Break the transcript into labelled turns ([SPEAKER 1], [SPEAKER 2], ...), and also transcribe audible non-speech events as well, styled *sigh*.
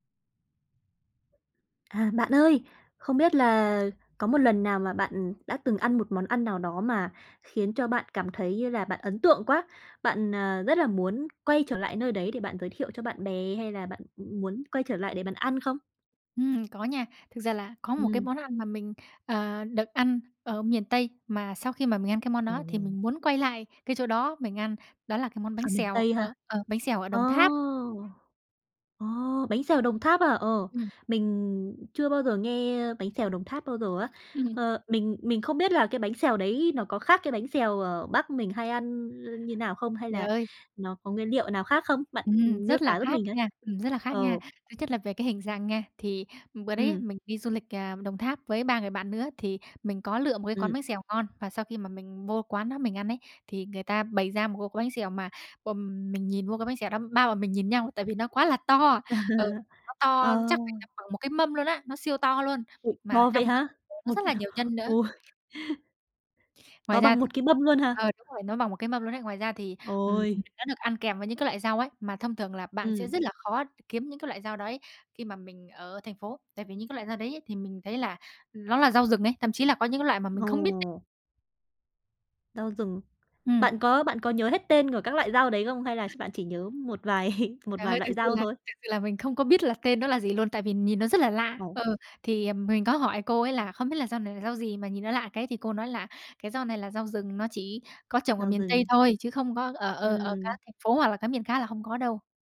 [SPEAKER 1] À, bạn ơi! Không biết là có một lần nào mà bạn, ừm, đã từng ăn một món ăn nào đó mà khiến cho bạn cảm thấy như là bạn ấn tượng quá, bạn, ờ, rất là muốn quay trở lại nơi đấy để bạn giới thiệu cho bạn bè, hay là bạn, ừm, muốn quay trở lại để bạn ăn không?
[SPEAKER 2] Ừm, có nha. Thực ra là có một cái
[SPEAKER 1] Ừm.
[SPEAKER 2] món ăn mà mình, ờ, được ăn ở miền Tây, mà sau khi mà mình ăn cái món đó thì
[SPEAKER 1] Ồ.
[SPEAKER 2] mình muốn quay lại cái chỗ đó mình ăn. Đó là cái món bánh
[SPEAKER 1] Ở miền
[SPEAKER 2] xèo,
[SPEAKER 1] Tây ha!
[SPEAKER 2] ờ, ờ, bánh xèo ở
[SPEAKER 1] Ồ,
[SPEAKER 2] Đồng Tháp.
[SPEAKER 1] ồ! Bánh xèo Đồng Tháp à? Ờ,
[SPEAKER 2] Ừm.
[SPEAKER 1] mình chưa bao giờ nghe bánh xèo Đồng Tháp bao giờ á.
[SPEAKER 2] Ừm.
[SPEAKER 1] Ờ, mình mình không biết là cái bánh xèo đấy nó có khác cái bánh xèo ở Bắc mình hay ăn, ơ, như nào không? Hay
[SPEAKER 2] Trời
[SPEAKER 1] là
[SPEAKER 2] ơi!
[SPEAKER 1] nó có nguyên liệu nào khác không? Bạn
[SPEAKER 2] Ừm,
[SPEAKER 1] miêu
[SPEAKER 2] rất là
[SPEAKER 1] tả giúp
[SPEAKER 2] khác
[SPEAKER 1] mình ấy.
[SPEAKER 2] nha, ừm, rất là khác nha.
[SPEAKER 1] Ờ.
[SPEAKER 2] Thứ nhất là về cái hình dạng nha. Thì bữa đấy
[SPEAKER 1] Ừm.
[SPEAKER 2] mình đi du lịch, ờ, Đồng Tháp với 3 người bạn nữa, thì mình có lựa một cái
[SPEAKER 1] Ừm.
[SPEAKER 2] quán bánh xèo ngon. Và sau khi mà mình vô quán đó mình ăn ấy, thì người ta bày ra một cái bánh xèo mà, ừm, mình nhìn vô cái bánh xèo đó, 3 bọn mình nhìn nhau, tại vì nó quá là to. Ừ, nó
[SPEAKER 1] *chuckles*
[SPEAKER 2] to
[SPEAKER 1] Ờ.
[SPEAKER 2] chắc phải tầm bằng một cái mâm luôn á, nó siêu to luôn,
[SPEAKER 1] Ừm,
[SPEAKER 2] mà
[SPEAKER 1] ờ,
[SPEAKER 2] trong
[SPEAKER 1] vậy
[SPEAKER 2] đó
[SPEAKER 1] hả?
[SPEAKER 2] thì nó
[SPEAKER 1] Một
[SPEAKER 2] rất là nhiều nhân nữa.
[SPEAKER 1] ôi!
[SPEAKER 2] Ngoài
[SPEAKER 1] To
[SPEAKER 2] ra
[SPEAKER 1] bằng
[SPEAKER 2] thì
[SPEAKER 1] một cái mâm luôn hả?
[SPEAKER 2] ờ, đúng rồi, nó bằng một cái mâm luôn ấy. Ngoài ra thì, ừm,
[SPEAKER 1] Ôi.
[SPEAKER 2] nó được ăn kèm với những cái loại rau ấy, mà thông thường là bạn sẽ
[SPEAKER 1] Ừm.
[SPEAKER 2] rất là khó kiếm những cái loại rau đấy khi mà mình ở thành phố. Tại vì những cái loại rau đấy ấy, thì mình thấy là nó là rau rừng ấy, thậm chí là có những cái loại mà mình không biết tên.
[SPEAKER 1] Ồ. Rau rừng?
[SPEAKER 2] Ừm.
[SPEAKER 1] Bạn có bạn có nhớ hết tên của các loại rau đấy không? Hay là bạn chỉ nhớ một vài *chuckles* một
[SPEAKER 2] Trời
[SPEAKER 1] vài
[SPEAKER 2] ơi! Thực
[SPEAKER 1] loại
[SPEAKER 2] sự
[SPEAKER 1] rau
[SPEAKER 2] là
[SPEAKER 1] thôi?
[SPEAKER 2] thực sự là mình không có biết là tên nó là gì luôn, tại vì nhìn nó rất là lạ.
[SPEAKER 1] Ồ!
[SPEAKER 2] Ừ, thì mình có hỏi cô ấy là "Không biết là rau này là rau gì mà nhìn nó lạ cái?" Thì cô nói là "Cái rau này là rau rừng, nó chỉ có trồng ở
[SPEAKER 1] Rau
[SPEAKER 2] miền Tây
[SPEAKER 1] rừng.
[SPEAKER 2] thôi chứ không có, ở ờ ở
[SPEAKER 1] Ừm.
[SPEAKER 2] các thành phố hoặc là cái miền khác là hông có đâu."